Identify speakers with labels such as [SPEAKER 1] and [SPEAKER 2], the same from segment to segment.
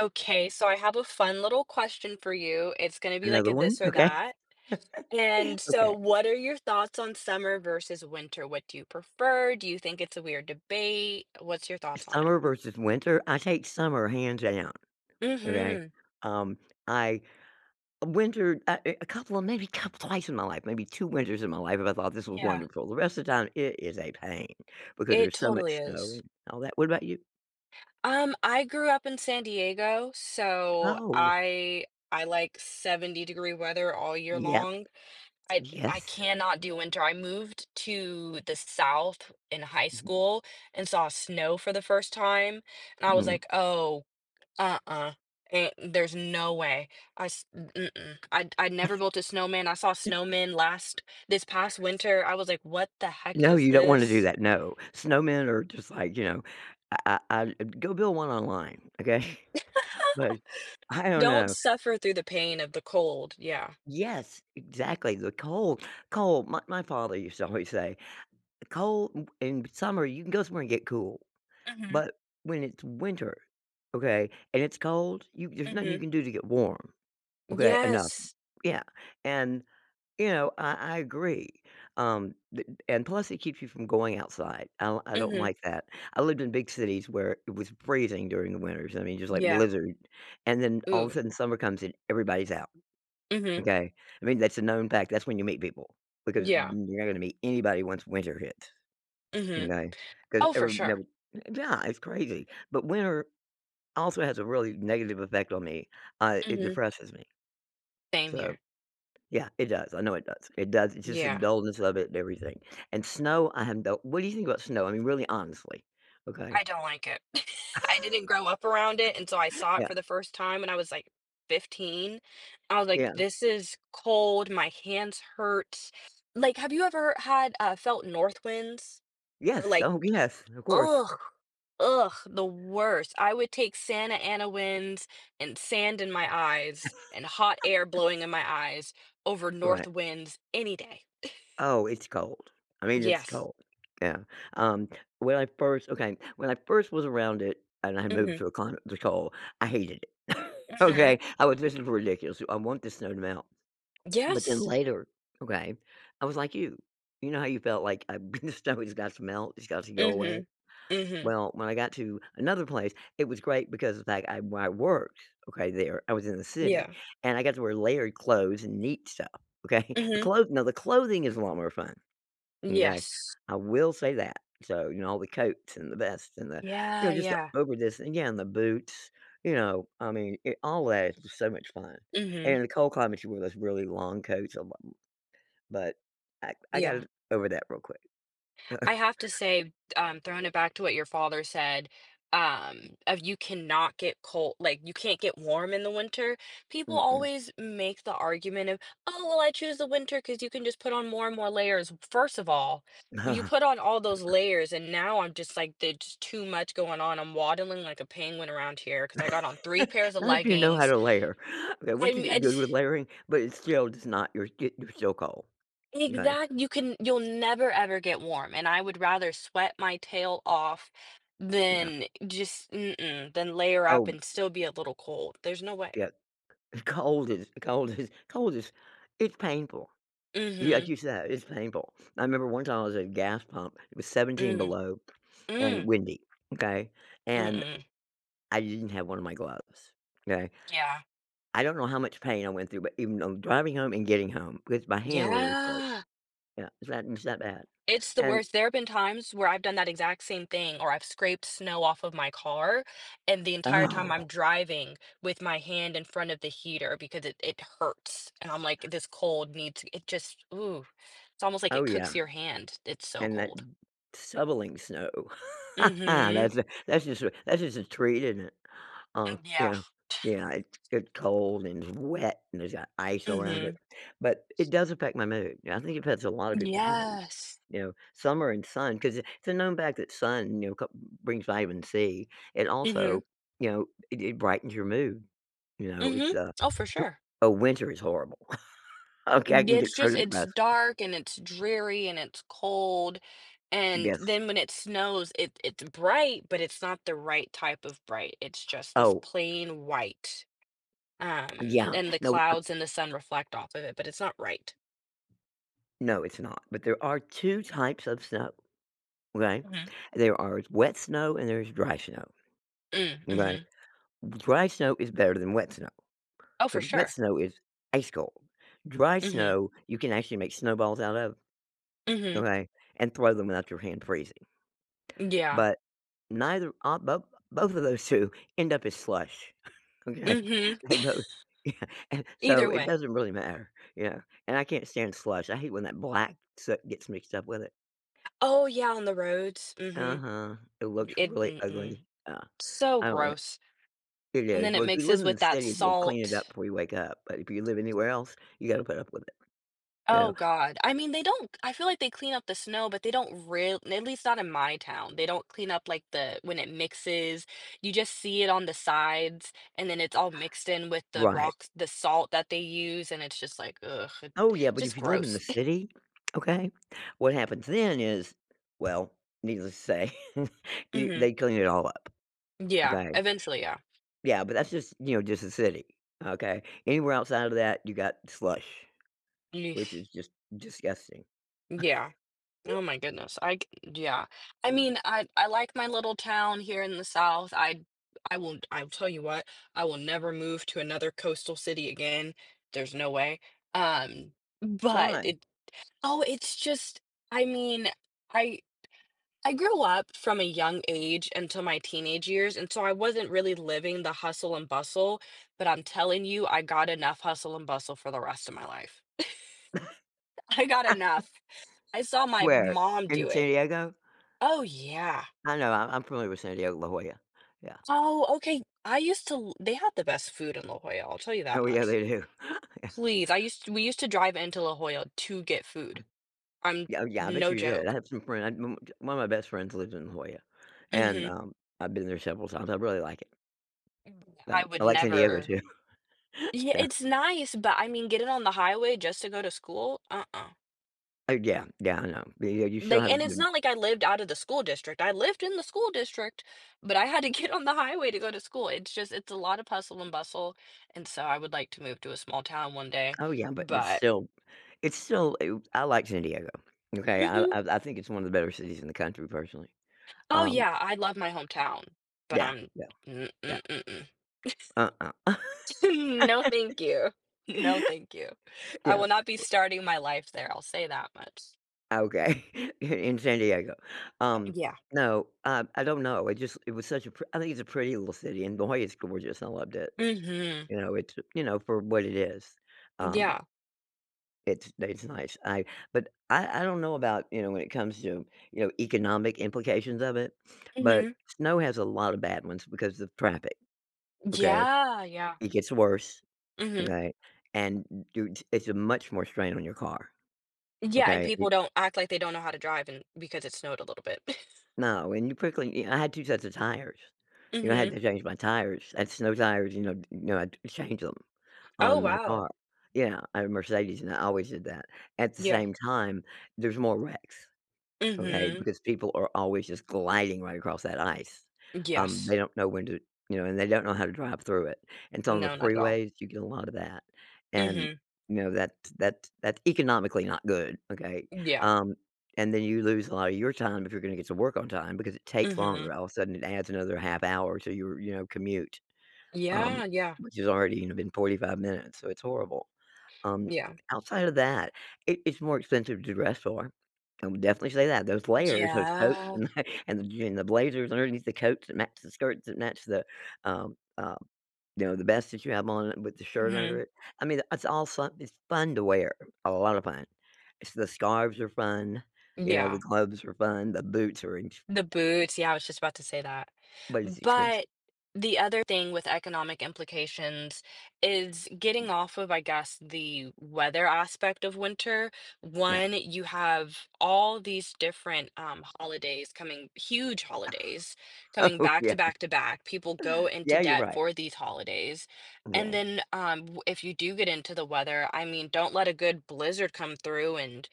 [SPEAKER 1] Okay, so I have a fun little question for you, it's gonna be like
[SPEAKER 2] Another
[SPEAKER 1] a
[SPEAKER 2] one?
[SPEAKER 1] this or
[SPEAKER 2] Okay.
[SPEAKER 1] that. And, so,
[SPEAKER 2] Okay.
[SPEAKER 1] what are your thoughts on summer versus winter? What do you prefer? Do you think it's a weird debate? What's your thoughts on it?
[SPEAKER 2] Summer versus winter, I take summer hands down, okay?
[SPEAKER 1] Mhm.
[SPEAKER 2] Um, I winter I eh, a couple of maybe couple twice in my life, maybe 2 winters in my life if I thought this was
[SPEAKER 1] Yeah.
[SPEAKER 2] wonderful. The rest of the time, it is a pain because
[SPEAKER 1] It
[SPEAKER 2] there's so
[SPEAKER 1] totally
[SPEAKER 2] much snow
[SPEAKER 1] is.
[SPEAKER 2] and all that, what about you?
[SPEAKER 1] Um, I grew up in San Diego, so
[SPEAKER 2] Oh.
[SPEAKER 1] I I like 70 degree weather all year
[SPEAKER 2] Yep.
[SPEAKER 1] long. I I
[SPEAKER 2] Yes.
[SPEAKER 1] cannot do winter, I moved to the South in high
[SPEAKER 2] Mhm.
[SPEAKER 1] school and saw snow for the first time, and I was
[SPEAKER 2] Mhm.
[SPEAKER 1] like, "Oh, uh-uh, eh, there's no way." I s m mm-mm. I'd I'd never built a snowman, I saw snowmen last this past winter, I was like, "What the heck
[SPEAKER 2] No,
[SPEAKER 1] is
[SPEAKER 2] you don't wanna do
[SPEAKER 1] this?"
[SPEAKER 2] that, no. Snowmen are just like, you know, ah ah ah, y go build one online, okay? But, I don't
[SPEAKER 1] Don't
[SPEAKER 2] know.
[SPEAKER 1] suffer through the pain of the cold, yeah.
[SPEAKER 2] Yes, exactly, the cold cold my my father used to always say, "Cold, m in summer, you can go somewhere and get cool,
[SPEAKER 1] Mhm.
[SPEAKER 2] but, when it's winter, okay, and it's cold, you there's nothing you
[SPEAKER 1] Mhm.
[SPEAKER 2] can do to get warm, okay, eh, none."
[SPEAKER 1] Yes.
[SPEAKER 2] Yeah, and, you know, I I agree, um, th and and plus it keeps you from going outside, I'll I don't
[SPEAKER 1] Mhm.
[SPEAKER 2] like that. I lived in big cities where it was freezing during the winters, I mean, just like
[SPEAKER 1] Yeah.
[SPEAKER 2] blizzard, and then all of a
[SPEAKER 1] Ooh.
[SPEAKER 2] sudden, summer comes in, everybody's out,
[SPEAKER 1] Mhm.
[SPEAKER 2] okay? I mean, that's a known fact that's when you meet people, because [unintelligible]
[SPEAKER 1] Yeah.
[SPEAKER 2] you're not gonna meet anybody once winter hits,
[SPEAKER 1] Mhm.
[SPEAKER 2] m’kay? 'Cause
[SPEAKER 1] Oh, for
[SPEAKER 2] every that
[SPEAKER 1] sure.
[SPEAKER 2] would uh, yeah, it's crazy, but winter also has a really negative effect on me, uh, it
[SPEAKER 1] Mhm.
[SPEAKER 2] depresses me.
[SPEAKER 1] Same
[SPEAKER 2] So
[SPEAKER 1] here.
[SPEAKER 2] Yeah, it does. I know it does. It does. It's just the
[SPEAKER 1] Yeah.
[SPEAKER 2] dullness of it and everything. And snow, I have no What do you think about snow, I mean, really honestly? Okay.
[SPEAKER 1] I don't like it. I didn't grow up around it until I saw it
[SPEAKER 2] Yeah.
[SPEAKER 1] for the first time when I was, like, 15. I was like,
[SPEAKER 2] Yeah.
[SPEAKER 1] "This is cold, my hands hurt." Like, have you ever had uh, felt north winds? Or,
[SPEAKER 2] Yes.
[SPEAKER 1] like
[SPEAKER 2] Oh, yes. Of course.
[SPEAKER 1] Ugh ugh, the worst. I would take Santa Ana winds, and sand in my eyes, and hot air blowing in my eyes, over north
[SPEAKER 2] Right.
[SPEAKER 1] winds any day.
[SPEAKER 2] Oh, it's cold. I mean, it's
[SPEAKER 1] Yes.
[SPEAKER 2] cold. Yeah. Um, when I first okay, when I first was around it and I had moved
[SPEAKER 1] Mhm.
[SPEAKER 2] to a climate the cold, I hated it.
[SPEAKER 1] Mhm.
[SPEAKER 2] Okay? How was this for ridiculous, too? "I want this snow to melt." But then
[SPEAKER 1] Yes.
[SPEAKER 2] later, okay, I was like you. You know how you felt like, "I've been to snow. It's got to melt. It's got to go away."
[SPEAKER 1] Mhm. Mhm.
[SPEAKER 2] Well, when I got to another place, it was great because of the fact I where I worked, okay, there, I was in the city,
[SPEAKER 1] Yeah.
[SPEAKER 2] and I got to wear layered clothes and neat stuff. Okay? The
[SPEAKER 1] Mhm.
[SPEAKER 2] clothes no, the clothing is a lot more fun. M'kay?
[SPEAKER 1] Yes.
[SPEAKER 2] I will say that. So, you know, all the coats, and the vests, and the you know,
[SPEAKER 1] Yeah,
[SPEAKER 2] just the
[SPEAKER 1] yeah.
[SPEAKER 2] over this. Again, the boots. You know? I mean, it always is so much fun. And
[SPEAKER 1] Mhm.
[SPEAKER 2] in the cold climates, you wore those really long coats a lo b but I I got
[SPEAKER 1] Yeah.
[SPEAKER 2] over that real quick.
[SPEAKER 1] I have to say, um, throwing it back to what your father said, um, of, "You cannot get col" like, "you can't get warm in the winter." People
[SPEAKER 2] Mm-mm.
[SPEAKER 1] always make the argument of, "Oh, well I choose the winter 'cause you can just put on more and more layers." W first of all, when you put on all those layers and now I'm just like, "That's too much going on. I'm waddling like a penguin around here 'cause I got on 3 pairs of
[SPEAKER 2] Not if you know how
[SPEAKER 1] leggings."
[SPEAKER 2] to layer. Okay,
[SPEAKER 1] I
[SPEAKER 2] once you
[SPEAKER 1] mean, I
[SPEAKER 2] get
[SPEAKER 1] ju
[SPEAKER 2] good with layering but it still it's not you're get you're still cold. M'kay.
[SPEAKER 1] Exact you can you'll never ever get warm. And I would rather sweat my tail off
[SPEAKER 2] Yeah.
[SPEAKER 1] than just- mm-mm- than layer up
[SPEAKER 2] Oh.
[SPEAKER 1] and still be a little cold. There's no way.
[SPEAKER 2] Yep. And cold is cold is cold is it's painful. Y like
[SPEAKER 1] Mhm.
[SPEAKER 2] you said, it's painful. I remember one time I was at a gas pump. It was 17
[SPEAKER 1] Mm.
[SPEAKER 2] below and
[SPEAKER 1] Mm.
[SPEAKER 2] windy. Okay? And,
[SPEAKER 1] Mm-mm.
[SPEAKER 2] I didn't have one of my gloves. 'Kay?
[SPEAKER 1] Yeah.
[SPEAKER 2] I don't know how much pain I went through, but even though, I'm driving home and getting home, 'cause my hand literally froze.
[SPEAKER 1] Yeah.
[SPEAKER 2] Yeah. It's that it's that bad,
[SPEAKER 1] It's the
[SPEAKER 2] and
[SPEAKER 1] worst. There have been times where I've done that exact same thing, or I've scraped snow off of my car, and the entire time I'm
[SPEAKER 2] Oh.
[SPEAKER 1] driving with my hand in front of the heater because it it hurts. And I'm like, "This cold needs" It just Ooh, it's almost like
[SPEAKER 2] Oh,
[SPEAKER 1] it
[SPEAKER 2] yeah.
[SPEAKER 1] cooks your hand, it's so
[SPEAKER 2] And that t
[SPEAKER 1] cold.
[SPEAKER 2] shoveling snow.
[SPEAKER 1] Mhm.
[SPEAKER 2] That's a that's just a that's just a treat, innit? Uh,
[SPEAKER 1] Mm, yeah.
[SPEAKER 2] yeah. Yeah, it's it's cold and wet, and there's got ice around it.
[SPEAKER 1] Mhm.
[SPEAKER 2] But it does affect my mood. Yeah, I think it affects a lot of people's mood.
[SPEAKER 1] Yes.
[SPEAKER 2] You know? Summer and sun, 'cause i it's a known fact that sun, you know, ca brings Vitamin C. And,
[SPEAKER 1] Mhm.
[SPEAKER 2] also, you know, it it brightens your mood. You know? It's
[SPEAKER 1] Mhm.
[SPEAKER 2] a
[SPEAKER 1] Oh, for sure.
[SPEAKER 2] Oh, winter is horrible. Okay. I
[SPEAKER 1] N yeah,
[SPEAKER 2] can
[SPEAKER 1] it's
[SPEAKER 2] get so
[SPEAKER 1] just it's
[SPEAKER 2] depressed.
[SPEAKER 1] dark, and it's dreary, and it's cold. And
[SPEAKER 2] Yes.
[SPEAKER 1] then when it snows, it it's bright, but it's not the right type of bright. It's just this
[SPEAKER 2] Oh.
[SPEAKER 1] plain white. Um,
[SPEAKER 2] Yeah.
[SPEAKER 1] and the
[SPEAKER 2] No, uh
[SPEAKER 1] clouds and the sun reflect off of it, but it's not right.
[SPEAKER 2] No, it's not, but there are 2 types of snow. Okay?
[SPEAKER 1] Mhm.
[SPEAKER 2] There are s wet snow, and there's dry snow.
[SPEAKER 1] Mm,
[SPEAKER 2] M'kay?
[SPEAKER 1] mhm.
[SPEAKER 2] D dry snow is better than wet snow.
[SPEAKER 1] Oh, for
[SPEAKER 2] 'Cause wet
[SPEAKER 1] sure.
[SPEAKER 2] snow is ice cold, dry
[SPEAKER 1] Mhm.
[SPEAKER 2] snow, you can actually make snowballs out of.
[SPEAKER 1] Mhm.
[SPEAKER 2] Okay? And throw them without your hand freezing.
[SPEAKER 1] Yeah.
[SPEAKER 2] But, neither a bo both of those 2 end up as slush,
[SPEAKER 1] Mhm.
[SPEAKER 2] okay? They both yeah, and, so
[SPEAKER 1] Either
[SPEAKER 2] it
[SPEAKER 1] way.
[SPEAKER 2] doesn't really matter yeah, and I can't stand slush, I hate when that black soot gets mixed up with it.
[SPEAKER 1] Oh, yeah, on the roads? Mhm.
[SPEAKER 2] Uh-huh, it looks
[SPEAKER 1] It
[SPEAKER 2] really ugly,
[SPEAKER 1] mm-mm.
[SPEAKER 2] yeah,
[SPEAKER 1] So
[SPEAKER 2] I don't li
[SPEAKER 1] gross.
[SPEAKER 2] it
[SPEAKER 1] And
[SPEAKER 2] is,
[SPEAKER 1] then
[SPEAKER 2] but
[SPEAKER 1] it
[SPEAKER 2] if you live
[SPEAKER 1] mixes
[SPEAKER 2] in the
[SPEAKER 1] with that
[SPEAKER 2] city, they'll clean it up
[SPEAKER 1] salt.
[SPEAKER 2] before you wake up, but if you live anywhere else, you gotta put up with it. You
[SPEAKER 1] Oh
[SPEAKER 2] know?
[SPEAKER 1] god, I mean, they don't I feel like they clean up the snow, but they don't real at least not in my town, they don't clean up, like, the when it mixes, you just see it on the sides, and then it's all mixed in with the
[SPEAKER 2] Right.
[SPEAKER 1] rocks the salt that they use, and it's just, like, ugh, it
[SPEAKER 2] Oh, yeah, but if
[SPEAKER 1] just
[SPEAKER 2] you live in the
[SPEAKER 1] gross.
[SPEAKER 2] city, okay? What happens then is- well, needless to say,- you
[SPEAKER 1] Mhm.
[SPEAKER 2] they clean it all up.
[SPEAKER 1] Yeah,
[SPEAKER 2] Okay?
[SPEAKER 1] eventually, yeah.
[SPEAKER 2] Yeah, but that's just you know, just the city, okay? Anywhere outside of that, you got slush. Which
[SPEAKER 1] Yeesh.
[SPEAKER 2] is just, disgusting.
[SPEAKER 1] Yeah. Oh my goodness, I c yeah, I mean, I I like my little town here in the South, I I won't I'll tell you what, I will never move to another coastal city again, there's no way, um, but,
[SPEAKER 2] Why?
[SPEAKER 1] it oh, it's just I mean, I I grew up from a young age until my teenage years, and so I wasn't really living the hustle and bustle, but I'm telling you, I got enough hustle and bustle for the rest of my life. I got enough. I saw my
[SPEAKER 2] Where?
[SPEAKER 1] mom
[SPEAKER 2] In
[SPEAKER 1] do it.
[SPEAKER 2] San Diego?
[SPEAKER 1] Oh, yeah.
[SPEAKER 2] I know. I I'm familiar with San Diego, La Jolla. Yeah.
[SPEAKER 1] Oh, okay. I used to l they had the best food in La Jolla, I'll tell you
[SPEAKER 2] Oh,
[SPEAKER 1] that
[SPEAKER 2] yeah,
[SPEAKER 1] much.
[SPEAKER 2] they do. Yeah.
[SPEAKER 1] Please. I used we used to drive into La Jolla to get food. I'm
[SPEAKER 2] Oh, yeah. I bet
[SPEAKER 1] no
[SPEAKER 2] you did. I
[SPEAKER 1] joke.
[SPEAKER 2] have some friend m t one of my best friends lived in La Jolla, and,
[SPEAKER 1] Mhm.
[SPEAKER 2] um, I've been there several times, I really like it.
[SPEAKER 1] Mm, yeah,
[SPEAKER 2] No,
[SPEAKER 1] I would
[SPEAKER 2] I like San Diego
[SPEAKER 1] never
[SPEAKER 2] too.
[SPEAKER 1] Yeah,
[SPEAKER 2] Yeah.
[SPEAKER 1] it's nice, but, I mean, getting on the highway just to go to school? Uh-uh.
[SPEAKER 2] Uh, yeah. Yeah, I know. But, yeah, you still
[SPEAKER 1] Like
[SPEAKER 2] has
[SPEAKER 1] and it's
[SPEAKER 2] [unintelligible]
[SPEAKER 1] not like I lived outta the school district. I lived in the school district, but I had to get on the highway to go to school. It's just it's a lot of hustle and bustle, and so I would like to move to a small town one day,
[SPEAKER 2] Oh, yeah, but it's
[SPEAKER 1] but
[SPEAKER 2] still it's still u I like San Diego. Okay? I I
[SPEAKER 1] Mhm.
[SPEAKER 2] I think it's one of the better cities in the country, personally.
[SPEAKER 1] Oh,
[SPEAKER 2] Um
[SPEAKER 1] yeah, I love my hometown, but
[SPEAKER 2] Yeah,
[SPEAKER 1] I'm,
[SPEAKER 2] yeah.
[SPEAKER 1] mm
[SPEAKER 2] Yeah.
[SPEAKER 1] mm mm-mm.
[SPEAKER 2] Uh-uh.
[SPEAKER 1] Hmm, no, thank you. No, thank you, I will
[SPEAKER 2] Yep.
[SPEAKER 1] not be starting my life there, I'll say that much.
[SPEAKER 2] Okay. In San Diego?
[SPEAKER 1] Uh,
[SPEAKER 2] Um,
[SPEAKER 1] yeah.
[SPEAKER 2] no, um, I don't know. It just it was such a pr I think it's a pretty little city, and boy, it's gorgeous. I loved it.
[SPEAKER 1] Mhm.
[SPEAKER 2] You know, it you know, for what it is.
[SPEAKER 1] N
[SPEAKER 2] Um
[SPEAKER 1] yeah.
[SPEAKER 2] It's they it's nice. I but I I don't know about, you know, when it comes to, you know, economic implications of it, but
[SPEAKER 1] Mhm.
[SPEAKER 2] snow has a lot of bad ones because of traffic, okay?
[SPEAKER 1] Yeah, yeah.
[SPEAKER 2] It gets worse,
[SPEAKER 1] Mhm.
[SPEAKER 2] okay, and n do it's a much more strain on your car,
[SPEAKER 1] Yeah, and
[SPEAKER 2] okay? Y
[SPEAKER 1] people don't act like they don't know how to drive and because it snowed a little bit.
[SPEAKER 2] No, and you quickly eh I had 2 sets of tires. You know, I had
[SPEAKER 1] Mhm.
[SPEAKER 2] to change my tires. I had snow tires, you know you know, I'd change them
[SPEAKER 1] Oh,
[SPEAKER 2] on my car.
[SPEAKER 1] wow.
[SPEAKER 2] Yeah, I have a Mercedes, and I always did that. At the
[SPEAKER 1] Yeah.
[SPEAKER 2] same time, there's more wrecks, okay,
[SPEAKER 1] Mhm.
[SPEAKER 2] because people are always just gliding right across that ice.
[SPEAKER 1] Uh,
[SPEAKER 2] Um,
[SPEAKER 1] yes.
[SPEAKER 2] they don't know when to you know, and they don't know how to drive through it, and so on the
[SPEAKER 1] No, not at all.
[SPEAKER 2] freeways, you get a lot of that, and,
[SPEAKER 1] Mhm.
[SPEAKER 2] you know, that's that's that's economically not good, okay?
[SPEAKER 1] Uh, yeah.
[SPEAKER 2] Um, and then you lose a lot of your time if you're gonna get to work on time because it takes
[SPEAKER 1] Mhm.
[SPEAKER 2] longer. All of a sudden, it adds another half hour to your, you know, commute, um,
[SPEAKER 1] Yeah, yeah.
[SPEAKER 2] which has already, you know, been 45 minutes, so it's horrible. Um,
[SPEAKER 1] Yeah.
[SPEAKER 2] outside of that, it it's more expensive to dress for. I would definitely say that. Those layers, those coats
[SPEAKER 1] Yeah.
[SPEAKER 2] and and the j and the blazers underneath the coats that match the skirts that match the, um, uh, you know, the vest that you have on with the shirt under
[SPEAKER 1] Mhm.
[SPEAKER 2] it. I mean, that's all someth It's fun to wear, a lot of fun. It's the scarves are fun. You know, the
[SPEAKER 1] Yeah.
[SPEAKER 2] gloves are fun. The boots are in sh
[SPEAKER 1] The boots, yeah, I was just about to say that.
[SPEAKER 2] But it's expensive.
[SPEAKER 1] But, the other thing with economic implications is getting off of, I guess, the weather aspect of winter.
[SPEAKER 2] No.
[SPEAKER 1] One, you have all these different, um, holidays coming huge holidays coming
[SPEAKER 2] Oh,
[SPEAKER 1] back
[SPEAKER 2] yeah.
[SPEAKER 1] to back to back. People go into
[SPEAKER 2] Yeah. You're
[SPEAKER 1] debt
[SPEAKER 2] right.
[SPEAKER 1] for these holidays, and
[SPEAKER 2] M’kay
[SPEAKER 1] then, um, w if you do get into the weather, I mean, don't let a good blizzard come through and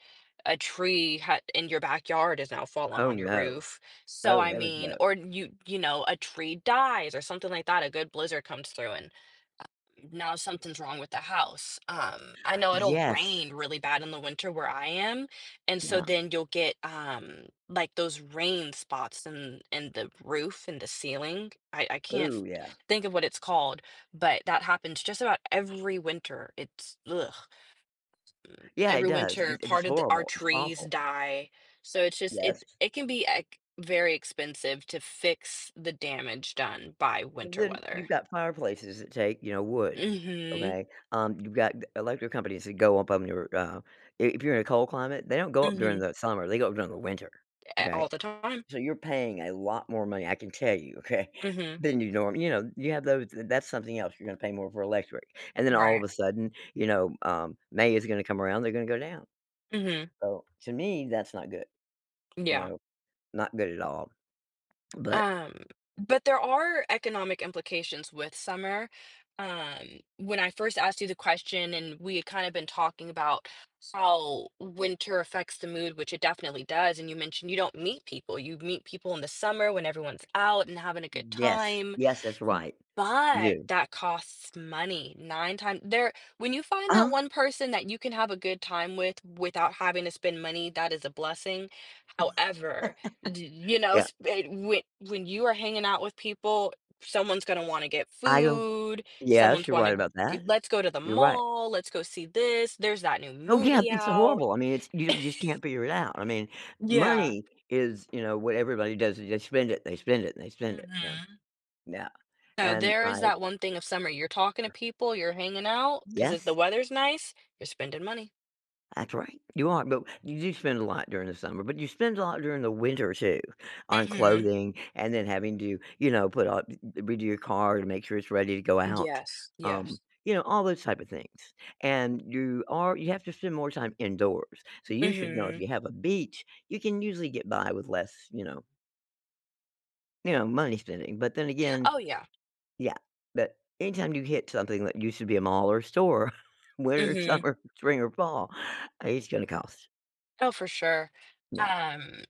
[SPEAKER 1] a tree h in your backyard is now fallen
[SPEAKER 2] Oh,
[SPEAKER 1] on your
[SPEAKER 2] no.
[SPEAKER 1] roof. So,
[SPEAKER 2] Oh,
[SPEAKER 1] I
[SPEAKER 2] heavens
[SPEAKER 1] mean
[SPEAKER 2] no.
[SPEAKER 1] or you you know, a tree dies or something like that. A good blizzard comes through and, uh, now something's wrong with the house. Um, I know it'll
[SPEAKER 2] Yes.
[SPEAKER 1] rain really bad in the winter where I am, and so
[SPEAKER 2] Yeah.
[SPEAKER 1] then you'll get, um, like, those rain spots in in the roof in the ceiling. I I can't th
[SPEAKER 2] Ooh, yeah.
[SPEAKER 1] think of what it's called, but that happens just about every winter. It's blegh.
[SPEAKER 2] Yeah, it
[SPEAKER 1] Every
[SPEAKER 2] does, it
[SPEAKER 1] winter,
[SPEAKER 2] it's
[SPEAKER 1] part of the our
[SPEAKER 2] horrible, it's
[SPEAKER 1] trees
[SPEAKER 2] awful.
[SPEAKER 1] die. So it's just it
[SPEAKER 2] Yes.
[SPEAKER 1] it can be ex very expensive to fix the damage done by
[SPEAKER 2] Well
[SPEAKER 1] winter
[SPEAKER 2] then, you've
[SPEAKER 1] weather.
[SPEAKER 2] got fireplaces that take, you know, wood,
[SPEAKER 1] Mhm.
[SPEAKER 2] okay? Um, you've got g electric companies that go up on your, uh i if you're in a cold climate, they don't go up during
[SPEAKER 1] Mhm.
[SPEAKER 2] the summer, they go up during the winter,
[SPEAKER 1] Eh,
[SPEAKER 2] okay?
[SPEAKER 1] all the time.
[SPEAKER 2] S so you're paying a lot more money, I can tell you, okay,
[SPEAKER 1] Mhm.
[SPEAKER 2] than you norm you know, you have those That's something else, you're gonna pay more for electric, and then all of
[SPEAKER 1] Right.
[SPEAKER 2] a sudden, you know, um, May is gonna come around, they're gonna go down.
[SPEAKER 1] Mhm.
[SPEAKER 2] So, to me, that's not good, you
[SPEAKER 1] Yeah.
[SPEAKER 2] know, not good at all. But
[SPEAKER 1] Um, but there are economic implications with summer. Um, when I first asked you the question and we had kinda been talking about how winter affects the mood, which it definitely does, and you mentioned you don't meet people. You meet people in the summer when everyone's out and having a good
[SPEAKER 2] Yes,
[SPEAKER 1] time.
[SPEAKER 2] yes, that's
[SPEAKER 1] M
[SPEAKER 2] right. You
[SPEAKER 1] but
[SPEAKER 2] do.
[SPEAKER 1] that costs money. 9 times there when you find that
[SPEAKER 2] Uh-huh.
[SPEAKER 1] one person that you can have a good time with without having to spend money, that is a blessing. However, d you know,
[SPEAKER 2] Yeah.
[SPEAKER 1] sp and when when you are hanging out with people, someone's gonna wanna get
[SPEAKER 2] I don't
[SPEAKER 1] food.
[SPEAKER 2] Yes,
[SPEAKER 1] Someone's
[SPEAKER 2] you're right
[SPEAKER 1] wanna
[SPEAKER 2] about that.
[SPEAKER 1] g "Let's go to the
[SPEAKER 2] You're right.
[SPEAKER 1] mall. Let's go see this. There's that new
[SPEAKER 2] Oh, yeah.
[SPEAKER 1] movie
[SPEAKER 2] It's
[SPEAKER 1] out."
[SPEAKER 2] horrible. I mean, it's you you just can't figure it out. I mean,
[SPEAKER 1] Yeah.
[SPEAKER 2] money is, you know, what everybody does is they spend it, they spend it, they spend it. Yeah,
[SPEAKER 1] Mhm.
[SPEAKER 2] yeah,
[SPEAKER 1] So
[SPEAKER 2] and
[SPEAKER 1] there
[SPEAKER 2] I
[SPEAKER 1] is that one thing of summer. You're talking to people, you're hanging out, 'cause if the
[SPEAKER 2] Yes.
[SPEAKER 1] weather's nice, you're spending money.
[SPEAKER 2] That's right. You are, but you do spend a lot during the summer, but you spend a lot during the winter too on
[SPEAKER 1] Mhm.
[SPEAKER 2] clothing and then having to, you know, put up, eh eh redo your car to make sure it's ready to go out,
[SPEAKER 1] Yes,
[SPEAKER 2] um,
[SPEAKER 1] yes.
[SPEAKER 2] you know, all those type of things, and you are you have to spend more time indoors. So you should know if
[SPEAKER 1] Mhm.
[SPEAKER 2] you have a beach, you can usually get by with less, you know you know, money spending. But then again
[SPEAKER 1] Oh, yeah.
[SPEAKER 2] yeah, but anytime you hit something that used to be a mall or store, winter,
[SPEAKER 1] Mhm.
[SPEAKER 2] summer, spring, or fall, uh, it's gonna cost.
[SPEAKER 1] Oh, for sure,
[SPEAKER 2] Yeah.
[SPEAKER 1] um,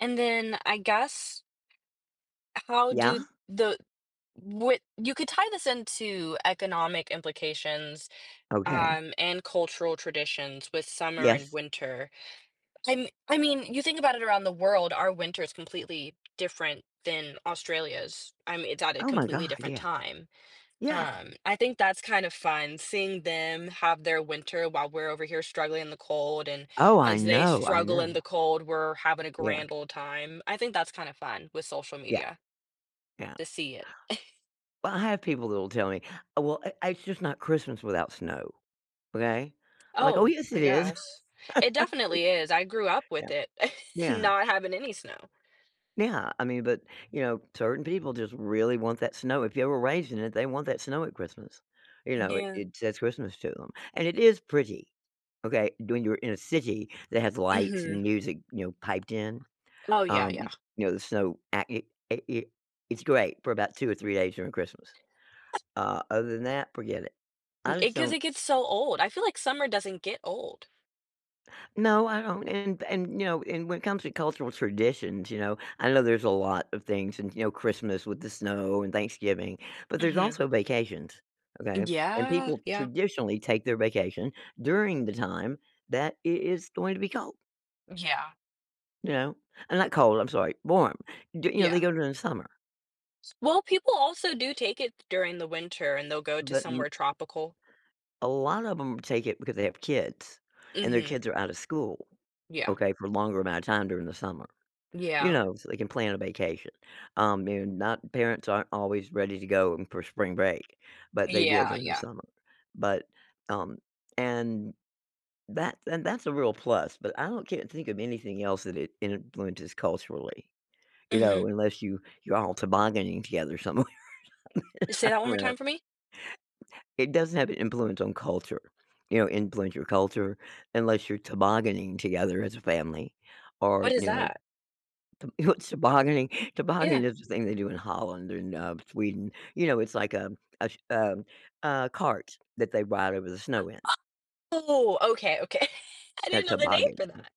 [SPEAKER 1] and then I guess how
[SPEAKER 2] Yeah.
[SPEAKER 1] do the what you could tie this into economic implications,
[SPEAKER 2] Okay.
[SPEAKER 1] um, and cultural traditions with summer and
[SPEAKER 2] Yes.
[SPEAKER 1] winter. I'm I mean, you think about it around the world, our winter is completely different than Australia's, um, it's at a
[SPEAKER 2] Oh my
[SPEAKER 1] completely
[SPEAKER 2] god,
[SPEAKER 1] different
[SPEAKER 2] yes.
[SPEAKER 1] time,
[SPEAKER 2] Yeah.
[SPEAKER 1] um, I think that's kind of fun seeing them have their winter while we're over here struggling in the cold, and
[SPEAKER 2] Oh, I
[SPEAKER 1] as they
[SPEAKER 2] know, I
[SPEAKER 1] struggle in
[SPEAKER 2] know.
[SPEAKER 1] the cold, we're having a
[SPEAKER 2] Yeah.
[SPEAKER 1] grand ole time. I think that's kinda fun with social
[SPEAKER 2] Yeah.
[SPEAKER 1] media
[SPEAKER 2] Yeah.
[SPEAKER 1] to see it.
[SPEAKER 2] Well, I have people that will tell me, "Oh, well, I it's just not Christmas without snow, okay?" I'm like, "Oh,
[SPEAKER 1] Oh,
[SPEAKER 2] yes,
[SPEAKER 1] I
[SPEAKER 2] it is."
[SPEAKER 1] guess. It definitely is, I grew up with
[SPEAKER 2] Yep.
[SPEAKER 1] it,
[SPEAKER 2] Yeah.
[SPEAKER 1] not having any snow.
[SPEAKER 2] Yeah, I mean, but, you know, certain people just really want that snow; if you were raised in it, they want that snow at Christmas, you
[SPEAKER 1] You
[SPEAKER 2] know, it
[SPEAKER 1] do.
[SPEAKER 2] it says Christmas to 'em. And it is pretty, okay? Doing you're in a city that has lights and
[SPEAKER 1] Mhm.
[SPEAKER 2] music, you know, piped in,
[SPEAKER 1] Oh, yeah,
[SPEAKER 2] um,
[SPEAKER 1] yeah.
[SPEAKER 2] y you know, the snow a it it it it's great for about 2 or 3 days during Christmas. Uh, other than that, forget it. I just
[SPEAKER 1] It 'cause
[SPEAKER 2] don't
[SPEAKER 1] it gets so old. I feel like summer doesn't get old.
[SPEAKER 2] No, I don't, and and, you know, and when it comes to cultural traditions, you know, I know there's a lot of things and, you know, Christmas with the snow and Thanksgiving, but there's
[SPEAKER 1] Mhm.
[SPEAKER 2] also vacations,
[SPEAKER 1] Eh,
[SPEAKER 2] okay?
[SPEAKER 1] g
[SPEAKER 2] And
[SPEAKER 1] yeah,
[SPEAKER 2] people
[SPEAKER 1] yeah.
[SPEAKER 2] traditionally take their vacation during the time that it is going to be cold.
[SPEAKER 1] Yeah.
[SPEAKER 2] You know? And not cold, I'm sorry, warm. D you know, they
[SPEAKER 1] Yeah.
[SPEAKER 2] go during the summer.
[SPEAKER 1] Well, people also do take it during the winter, and they'll go to
[SPEAKER 2] But
[SPEAKER 1] somewhere
[SPEAKER 2] m
[SPEAKER 1] tropical.
[SPEAKER 2] A lot of 'em take it because they have kids, and their
[SPEAKER 1] Mhm.
[SPEAKER 2] kids are out of school,
[SPEAKER 1] Yeah.
[SPEAKER 2] okay, for a longer amount of time during the summer, you
[SPEAKER 1] Yeah.
[SPEAKER 2] know, so they can plan a vacation, um, and, not parents aren't always ready to go for spring break, but they will
[SPEAKER 1] Yeah,
[SPEAKER 2] during the
[SPEAKER 1] yeah.
[SPEAKER 2] summer. But, um, and that and that's a real plus, but I don't can't think of anything else that it influences culturally, you know,
[SPEAKER 1] Mhm.
[SPEAKER 2] unless you you're all tobogganing together somewhere or something
[SPEAKER 1] Say
[SPEAKER 2] I
[SPEAKER 1] that one more
[SPEAKER 2] don't know.
[SPEAKER 1] time for me.
[SPEAKER 2] It doesn't have an influence on culture, you know, influence your culture, unless you're tobogganing together as a family, or,
[SPEAKER 1] What is
[SPEAKER 2] you know
[SPEAKER 1] that?
[SPEAKER 2] Th what's tobogganing? Tobogganing
[SPEAKER 1] Yeah.
[SPEAKER 2] is the thing they do in Holland, and, um, Sweden. You know, it's like, um, uh, ch um, a cart that they ride over the snow
[SPEAKER 1] [unintelligible]
[SPEAKER 2] in.
[SPEAKER 1] Oh, okay, okay. I
[SPEAKER 2] A
[SPEAKER 1] didn't know the name
[SPEAKER 2] toboggan.
[SPEAKER 1] for that.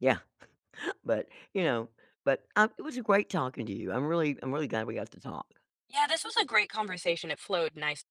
[SPEAKER 2] Yeah. But, you know, but, uh, it was great talking to you, I'm really I'm really glad we got to talk.
[SPEAKER 1] Yeah, this was a great conversation, it flowed nice